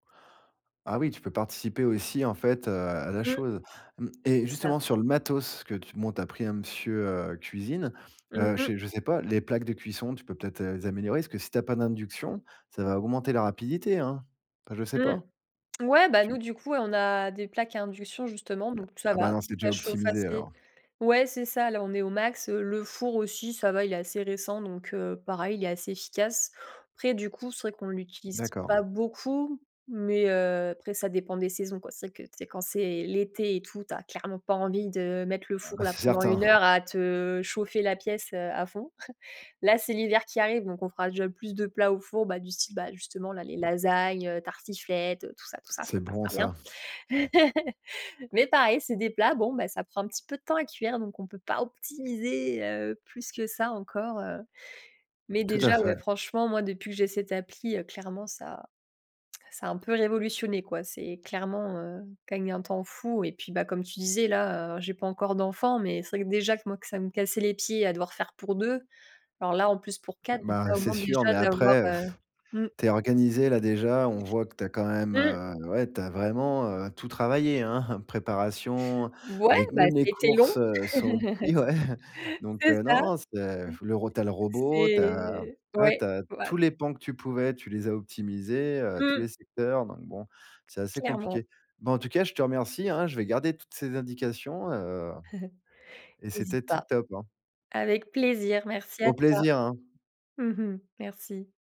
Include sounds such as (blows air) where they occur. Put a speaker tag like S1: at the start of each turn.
S1: Ah oui, tu peux participer aussi, en fait, heu, à la
S2: Mmh.
S1: chose. Mmh et
S2: C'est ça.
S1: justement, sur le matos que tu m bon tu as pris un monsieur, heu, cuisine,
S2: Mmh
S1: heu,
S2: mh.
S1: chez je sais pas, les plaques de cuisson, tu peux peut-être les améliorer? Parce que si tu as pas d'induction, ça va augmenter la rapidité, hein? Enfin je sais pas,
S2: Mmh, ouais, bah,
S1: tu
S2: nous, du coup, on a des plaques à induction, justement, donc ça
S1: Ah, ben
S2: va,
S1: non, c'est déjà
S2: ça chauffe
S1: optimisé
S2: assez.
S1: alors.
S2: Ouais, c'est ça, là, on est au max. Le four aussi, ça va, il est assez récent, donc heu, pareil, il est assez efficace. Après du coup, c'est vrai qu'on l'utilise
S1: D'accord.
S2: pas beaucoup mais heu, après ça dépend des saisons, quoi. C'est vrai que c'est quand c'est l'été et tout, tu as clairement pas envie de mettre le four
S1: Heu,
S2: là,
S1: c'est
S2: pendant
S1: certain.
S2: 1
S1: (chuckles)
S2: heure à te chauffer la pièce, heu, à fond. (chuckles) Là, c'est l'hiver qui arrive, donc on fera déjà plus de plats au four, bah, du style, bah, justement, là, les lasagnes, heu, tartiflette, tout ça, tout ça, ça
S1: C'est bon
S2: passera
S1: ça.
S2: bien. (chuckles) Mais pareil, c'est des plats, bon, bah, ça prend un petit peu de temps à cuire donc on peut pas optimiser, heu, plus que ça encore, heu. Mais
S1: Tout à
S2: déjà,
S1: fait.
S2: ouais franchement, moi, depuis que j'ai cette appli, clairement, ça ça a un peu révolutionné, quoi. C'est clairement, heu, q un gain de temps fou et puis, bah, comme tu disais, là, heu, j'ai pas encore d'enfants, mais c'est vrai que déjà que moi, ça me cassait les pieds à devoir faire pour 2, alors là, en plus, pour 4, ça
S1: Bah,
S2: permet au
S1: c'est
S2: moins
S1: sûr,
S2: déjà
S1: mais
S2: d'avoir,
S1: après
S2: heu,
S1: (blows air)
S2: mmh
S1: tu es organisée là déjà, on voit que tu as quand même,
S2: Mmh.
S1: heu, ouais, tu as vraiment, heu, tout travaillé, hein, (chuckles) préparation,
S2: Ouais,
S1: les c
S2: bah,
S1: même les
S2: c'était long.
S1: courses, heu, sont
S2: (laughs)
S1: livrées donc
S2: C'est
S1: heu,
S2: ça, mmh.
S1: non, non, c'est le ro tu as le robot, tu as,
S2: C'est
S1: ouais,
S2: ouais,
S1: tu as
S2: voil
S1: tous les pans que tu pouvais, tu les as optimisés, heu, tous
S2: Mmh.
S1: les secteurs donc bon, c'est assez
S2: Clairement.
S1: compliqué. Ben, en tout cas, je te remercie, hein, je vais garder toutes ces indications, heu
S2: (chuckles)
S1: et
S2: Hésite
S1: c'était tip
S2: pas.
S1: top, hein.
S2: Avec plaisir, merci à
S1: Au
S2: toi.
S1: plaisir, hein.
S2: Mmh mh, merci.